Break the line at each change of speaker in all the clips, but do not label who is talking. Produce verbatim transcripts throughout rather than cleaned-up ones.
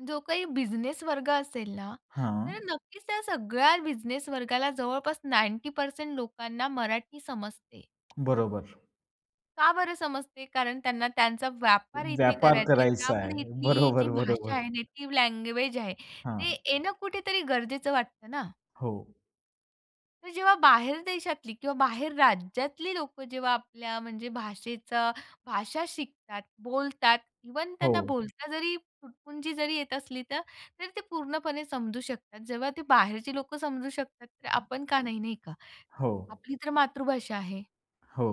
जो काही बिझनेस वर्ग असेल ना, तर
हां.
नक्कीच त्या सगळ्या बिझनेस वर्गाला जवळपास नाइन्टी पर्सेंट लोकांना मराठी समजते.
बरोबर.
का बरं समजते? कारण त्यांना त्यांचा व्यापार इथे
व्यापार
करायच आहे.
करायचा आहे.
त्यामुळे इथली जी
बरोबर, बरोबर.
भाषा आहे, नेटिव्ह लँग्वेज आहे ते
हां.
येणं कुठेतरी गरजेचं वाटतं ना?
हो.
तर जेव्हा बाहेर देशातली किंवा बाहेर राज्यातली लोकं जेव्हा आपल्या म्हणजे भाषेचा भाषा शिकतात, बोलतात, इव्हन त्यांना
हो.
बोलता जरी, तुटपुंजी जरी येत असली तर, तर ते पूर्णपणे समजू शकतात. जेव्हा ते बाहेरची लोकं समजू शकतात तर आपण का नाही, नाही का?
हो.
आपली तर मातृभाषा आहे.
हो,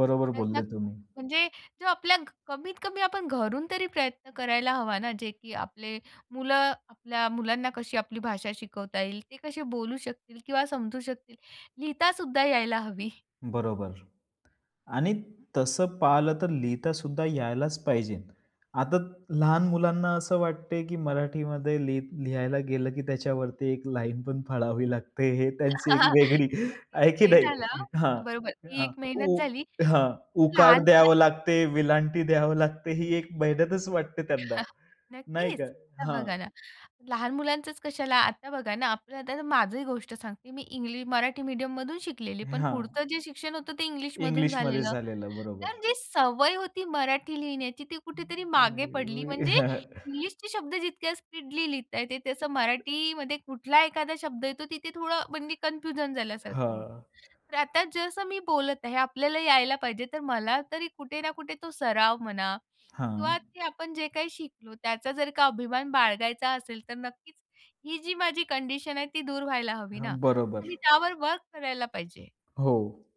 बरोबर
प्रयत्न
बोलले तुम्ही.
म्हणजे जो आपल्या कमीत-कमी आपण घरून तरी प्रयत्न करायला हवा ना, जे की आपले मुलं आपल्या मुलांना कशी आपली भाषा शिकवता येईल, ते कसे बोलू शकतील किंवा समजू शकतील. लिहितासुद्धा यायला हवी.
बरोबर. आणि तसं पाहिलं तर लिहिता सुद्धा यायलाच पाहिजे. आता लहान मुलांना असं वाटते, की मराठीमध्ये लि लिहायला गेलं, की त्याच्यावरती एक लाईन पण फाळावी लागते. हे त्यांची एक वेगळी
नक्कीच.
आहे की
हे
नाही?
झालं.
हां,
बरोबर. ती
अ,
एक मेहनत
उ
झाली.
हां, उकार
लहान
द्यावं
मुलांच
लागते, वेलांटी द्यावी लागते. ही एक मेहनतच वाटते त्यांना, नाही
नक्कीच.
का?
आता
हां.
बघा ना, लहान मुलांचंच कशाला? आता बघा ना, आपलं. आता माझंही गोष्ट सांगते. मी इंग्लिश मराठी मीडियममधून शिकलेली. पण
हां.
पुढचं जे शिक्षण होतं ते इंग्लिशमधून
इंग्लिश मध्ये
झालेलं.
झालेलं,
तर
बरोबर.
जी सवय होती मराठी लिहिण्याची, ती कुठेतरी मागे पडली. म्हणजे इंग्लिशचे शब्द जितक्या स्पीडली लिहता येते, त्याचं मराठीमध्ये कुठला एखादा शब्द येतो तिथे थोडं म्हणजे कन्फ्युजन झाल्यासारखं
हां.
होतं. तर आता जसं मी बोलत आहे, आपल्याला यायला पाहिजे. तर मला तरी कुठे ना कुठे तो सराव म्हणा
हां.
किंवा ते आपण जे काही शिकलो, त्याचा जर का अभिमान बाळगायचा असेल, तर नक्कीच ही जी माझी कंडिशन आहे ती दूर व्हायला हवी
हां,
ना.
बरोबर.
मी त्यावर वर्क करायला पाहिजे.
हो.